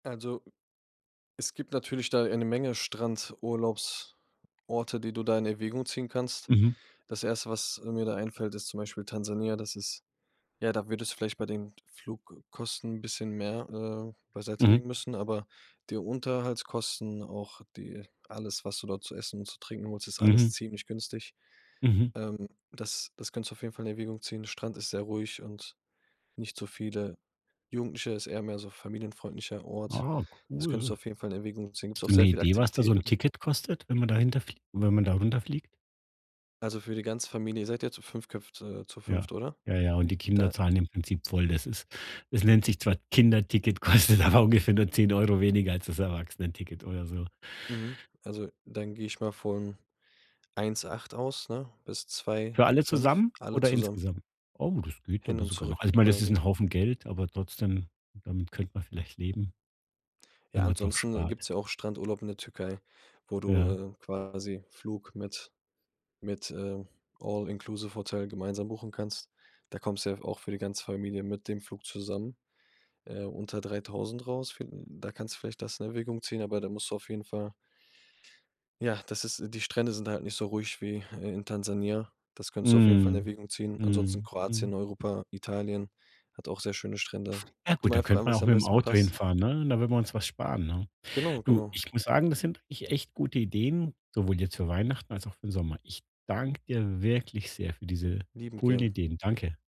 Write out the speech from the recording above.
Also, es gibt natürlich da eine Menge Strandurlaubsorte, die du da in Erwägung ziehen kannst. Mhm. Das 1., was, äh, mir da einfällt, ist zum Beispiel Tansania. Das ist ja, da würdest du vielleicht bei den Flugkosten 'n bisschen mehr, äh, Mhm. beiseitelegen müssen, aber die Unterhaltskosten, auch die alles, was du dort zu essen und zu trinken holst, ist alles Mhm. ziemlich günstig, Mhm. ähm, das das kannst du auf jeden Fall in Erwägung ziehen. Strand ist sehr ruhig und nicht so viele Jugendliche, ist eher mehr so familienfreundlicher Ort. Ah, Das könntest cool. du auf jeden Fall in Erwägung ziehen. Gibt's Hast auch du 'ne sehr viele Idee, was da so 'n Aktivitäten. Ticket kostet, wenn man dahinter fliegt wenn man darunter fliegt? Also für die ganze Familie, ihr seid ja zu fünft köpft äh, zu Ja, fünft, oder? ja, ja, und die Kinder Da zahlen im Prinzip voll. Das ist das nennt sich zwar Kinderticket, kostet aber ungefähr nur 10 € weniger als das Erwachsenenticket oder so. Mhm. Also dann gehe ich mal von 1.800 aus, ne? Bis zwei Für alle fünf zusammen alle oder zusammen. insgesamt? Oh, das geht Hin aber und sogar noch. Also, zurück ich meine, das ist quasi. 'n Haufen Geld, aber trotzdem, damit könnte man vielleicht leben Ja, wenn man drauf ansonsten, äh, spart. gibt's ja auch Strandurlaub in der Türkei, wo du, Ja. äh, quasi Flug mit mit, äh, all-inclusive-Hotel gemeinsam buchen kannst. Da kommst du ja f auch für die ganze Familie mit dem Flug zusammen, äh, unter 3.000 raus. Viel da kannst du vielleicht das in Erwägung ziehen, aber da musst du auf jeden Fall Ja, das ist äh, die Strände sind da halt nicht so ruhig wie i in Tansania. Das könntest du auf jeden Fall in Mhm. Erwägung ziehen. Ansonsten Mhm. Mhm. Kroatien, Europa, Italien hat auch sehr schöne Strände. Ah Guck dir gut, mal da einfach könnte an, man was auch dir am mit'm besten Auto passt. hinfahren, ne? Da würden wir uns was sparen, ne? Genau, Du, genau. ich muss sagen, das sind wirklich echt gute Ideen, sowohl jetzt für Weihnachten als auch für 'n Sommer. Ich danke dir wirklich sehr für diese Liebend coolen gern. Ideen. Danke.